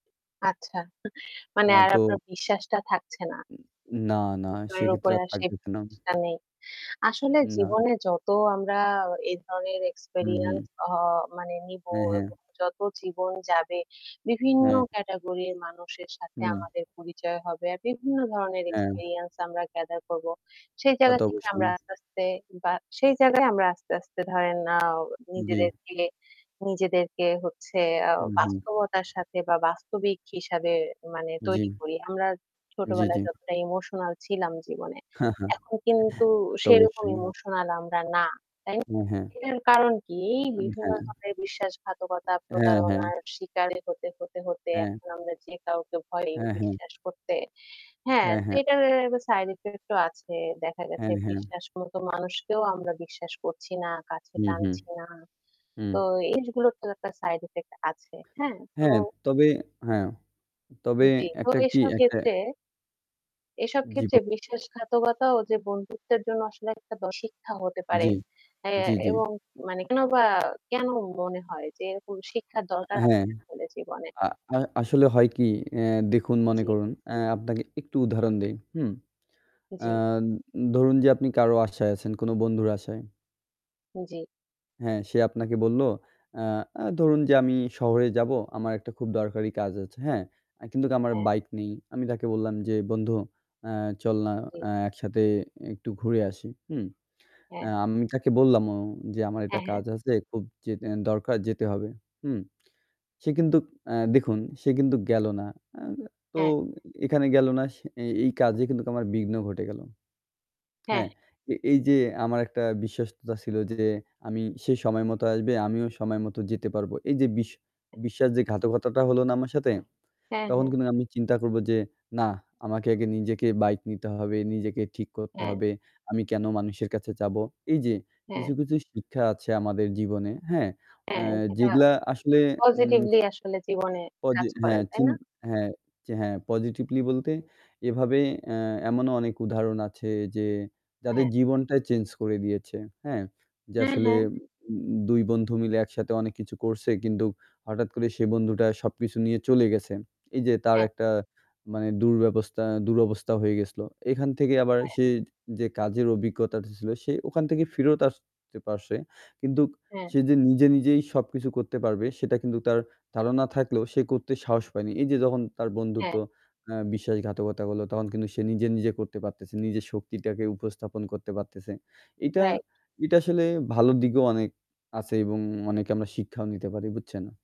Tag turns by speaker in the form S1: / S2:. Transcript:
S1: আচ্ছা। মানে
S2: হ্যাঁ
S1: আর
S2: তো
S1: আপনার বিশ্বাসটা থাকছে না।
S2: না না,
S1: তার
S2: সেক্ষেত্রে
S1: উপরে
S2: আর
S1: আর সেই
S2: থাকতেছে না।
S1: ভরসা নেই। আসলে
S2: না।
S1: জীবনে যত আমরা এই ধরনের
S2: হু, হু।
S1: এক্সপেরিয়েন্স অ মানে নিবো,
S2: হ্যাঁ, হ্যাঁ।
S1: যত জীবন যাবে বিভিন্ন
S2: হ্যাঁ।
S1: ক্যাটেগরির মানুষের সাথে
S2: হুম
S1: আমাদের পরিচয় হবে। আর বিভিন্ন ধরনের
S2: হ্যাঁ।
S1: এক্সপেরিয়েন্স আমরা গ্যাদার করব। সেই
S2: তা
S1: জায়গা
S2: তো
S1: থেকে আমরা
S2: অবশ্যই।
S1: আস্তে, আস্তে বা সেই জায়গায় আমরা আস্তে, আস্তে ধরেন আ
S2: জি।
S1: নিজেদেরকে নিজেদেরকে হচ্ছে আ
S2: হু, হু।
S1: বাস্তবতার সাথে বা বাস্তবিক হিসাবে মানে তৈরি
S2: জি।
S1: করি। আমরা
S2: জি, জি।
S1: ছোটবেলায় যতটা ইমোশনাল ছিলাম জীবনে
S2: তা
S1: এখন কিন্তু
S2: তো
S1: সেরকম
S2: অবশ্যই।
S1: ইমোশনাল আমরা না। তাইনা,
S2: হ্যাঁ, হ্যাঁ।
S1: এটার কারণ কি?
S2: উন
S1: বিভিন্ন
S2: হ্যাঁ।
S1: ধরণের বিশ্বাসঘাতকতা
S2: হ্যাঁ, হ্যাঁ।
S1: প্রতারণার শিকার হতে, হতে, হতে
S2: হ্যাঁ।
S1: এখন আমরা যে কাউকে ভয়
S2: হ্যাঁ, হ্যাঁ।
S1: বিশ্বাস করতে হ্যাঁ,
S2: হ্যাঁ, হ্যাঁ।
S1: এটার সাইড ইফেক্ট ও আছে। দেখা গেছে
S2: হ্যাঁ, হ্যাঁ।
S1: বিশ্বাস মত মানুষকেও আমরা বিশ্বাস করছি না। কাছে
S2: হু, হু।
S1: টানছি না।
S2: হু।
S1: তো এগুলোর তো একটা সাইড ইফেক্ট আছে। হ্যাঁ? তো
S2: হ্যাঁ তবে হ্যাঁ তবে
S1: জি তো
S2: একটা কি
S1: এসব
S2: একটা
S1: ক্ষেত্রে এসব
S2: জীব
S1: ক্ষেত্রে বিশ্বাসঘাতকতাও যে বন্ধুত্বের জন্য আসলে একটা শিক্ষা হতে পারে।
S2: জি,
S1: হ্যাঁ
S2: জি, জি।
S1: এবং মানে কেন বা কেন মনে হয় যে এরকম শিক্ষার দরকার
S2: হ্যাঁ।
S1: আছে আমাদের জীবনে।
S2: আ আ আসলে হয় কি অ্যা দেখুন মনে
S1: জি।
S2: করুন। অ্যা আপনাকে একটু উদাহরণ দেই। হুম। অ্যা
S1: জি।
S2: ধরুন যে আপনি কারো আশায় আছেন কোনো বন্ধুর আশায়
S1: জি।
S2: হ্যাঁ সে আপনাকে বলল "আ আ ধরুন যে, আমি শহরে যাবো আমার একটা খুব দরকারি কাজ আছে।" হ্যাঁ? কিন্তু আমার
S1: হ্যাঁ।
S2: বাইক নেই। আমি তাকে বললাম যে "বন্ধু আ চল না
S1: জি।
S2: আ একসাথে একটু ঘুরে আসি, হুম। আ
S1: হ্যাঁ।
S2: আমি তাকে বললাম যে আমার একটা
S1: হ্যাঁ, হ্যাঁ।
S2: কাজ আছে খুব যে দরকার যেতে হবে," হুম। সে কিন্তু আ দেখুন সে কিন্তু গেল না। অ্যাঁ তো
S1: হ্যাঁ।
S2: এখানে গেল না সে এই কাজে কিন্তু আমার বিঘ্ন ঘটে গেল।
S1: হ্যাঁ।
S2: হ্যাঁ এ এই যে আমার একটা বিশ্বস্ততা ছিল যে আমি সে সময় মতো আসবে আমিও সময় মতো যেতে পারবো এই যে বিশ বিশ্বাস যে ঘাতকতাটা হল না আমার সাথে
S1: হ্যাঁ,
S2: তখন
S1: হ্যাঁ।
S2: কিন্তু আমি চিন্তা করবো যে না আমাকে আগে নিজেকে বাইক নিতে হবে, নিজেকে ঠিক করতে
S1: হ্যাঁ।
S2: হবে; আমি কেন মানুষের কাছে চাবো। এই যে কিছু,
S1: হ্যাঁ।
S2: কিছু শিক্ষা আছে আমাদের জীবনে হ্যাঁ অ্যা
S1: হ্যাঁ এটা
S2: যেগুলা আসলে হুম
S1: পজিটিভলি আসলে জীবনে কাজ করে।
S2: হ্যাঁ,
S1: তাই
S2: চিন
S1: না?
S2: হ্যাঁ, হ্যাঁ পজিটিভলি বলতে এভাবে অ্যা এমনও অনেক উদাহরণ আছে যে যাদের
S1: হ্যাঁ।
S2: জীবনটাই চেঞ্জ করে দিয়েছে, হ্যাঁ; যে
S1: হ্যাঁ,
S2: আসলে
S1: হ্যাঁ।
S2: দু ২ বন্ধু মিলে একসাথে অনেক কিছু করছে কিন্তু হঠাৎ করে সে বন্ধুটা সবকিছু নিয়ে চলে গেছে। এই যে তার
S1: হ্যাঁ।
S2: একটা মানে দুর্ব্যবস্থা দুরবস্থা হয়ে গেছিলো এখান থেকে আবার
S1: হ্যাঁ।
S2: সে যে কাজের অভিজ্ঞতাটা ছিলো সে ওখান থেকে ফেরত আসতে পারছে; কিন্তু
S1: হ্যাঁ।
S2: সে যে নিজে নিজেই সবকিছু করতে পারবে সেটা কিন্তু তার ধারণা থাকলেও সে করতে সাহস পায়নি, এই যে যখন তার বন্ধুত্ব
S1: হ্যাঁ।
S2: আ বিশ্বাসঘাতকতা হল তখন কিন্তু সে নিজে নিজে করতে পারতেছে নিজের শক্তিটাকে উপস্থাপন করতে পারতেছে এইটা,
S1: রাইট।
S2: এইটা আসলে ভালো দিকেও অনেক আছে এবং অনেকে আমরা শিক্ষাও নিতে পারি বুঝছেন?